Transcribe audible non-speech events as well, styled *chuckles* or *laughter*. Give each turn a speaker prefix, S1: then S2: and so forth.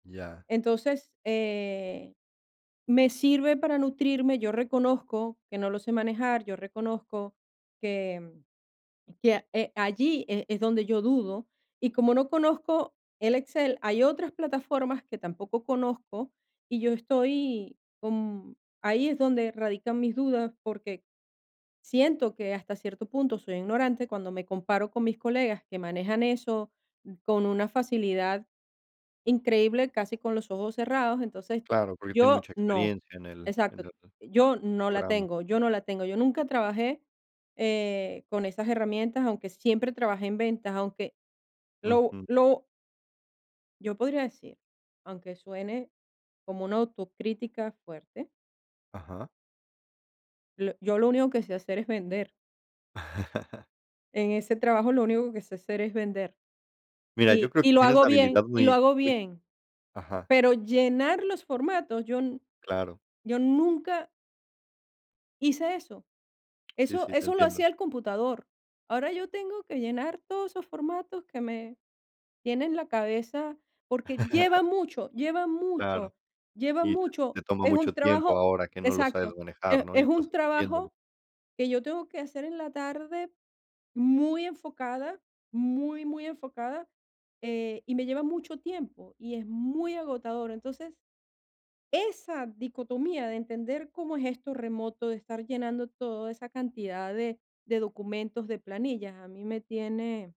S1: Ya.
S2: Entonces, eh, me sirve para nutrirme. Yo reconozco que no lo sé manejar. Yo reconozco que que, eh, allí, eh, es donde yo dudo. Y como no conozco el Excel, hay otras plataformas que tampoco conozco y yo estoy con ahí es donde radican mis dudas, porque siento que hasta cierto punto soy ignorante cuando me comparo con mis colegas que manejan eso con una facilidad increíble, casi con los ojos cerrados. Entonces,
S1: Claro, porque tiene
S2: yo
S1: mucha
S2: no.
S1: experiencia en el en
S2: Exacto,
S1: el
S2: yo no la
S1: programa.
S2: tengo. Yo no la tengo, yo nunca trabajé, eh, con esas herramientas, aunque siempre trabajé en ventas. Aunque lo
S1: Ujú.
S2: lo Yo podría decir, aunque suene como una autocrítica fuerte
S1: Ajá.
S2: lo yo lo único que sé hacer es vender.
S1: *chuckles*
S2: En ese trabajo lo único que sé hacer es vender
S1: Mira, yo
S2: y
S1: creo
S2: y
S1: que
S2: lo
S1: tienes
S2: hago
S1: la
S2: bien
S1: habilidad
S2: y lo
S1: muy
S2: hago
S1: muy
S2: bien.
S1: Ajá.
S2: Pero llenar los formatos, yo
S1: Claro.
S2: yo nunca hice eso.
S1: Sí,
S2: Eso
S1: sí. Te
S2: eso lo
S1: entiendo.
S2: hacía el computador. Ahora yo tengo que llenar todos esos formatos que me tienen la cabeza porque lleva
S1: *chuckles*
S2: mucho, lleva
S1: Claro.
S2: mucho. Lleva
S1: Y te te
S2: mucho.
S1: toma
S2: Es un
S1: mucho tiempo
S2: trabajo
S1: ahora que no lo sabes
S2: exacto,
S1: manejar,
S2: es
S1: ¿no? Y
S2: es
S1: estás
S2: un
S1: aprendiéndolo.
S2: trabajo que yo tengo que hacer en la tarde muy enfocada, muy, muy enfocada, eh, y me lleva mucho tiempo y es muy agotador. Entonces, esa dicotomía de entender cómo es esto remoto, de estar llenando todo esa cantidad de de documentos, de planillas, a mí me tiene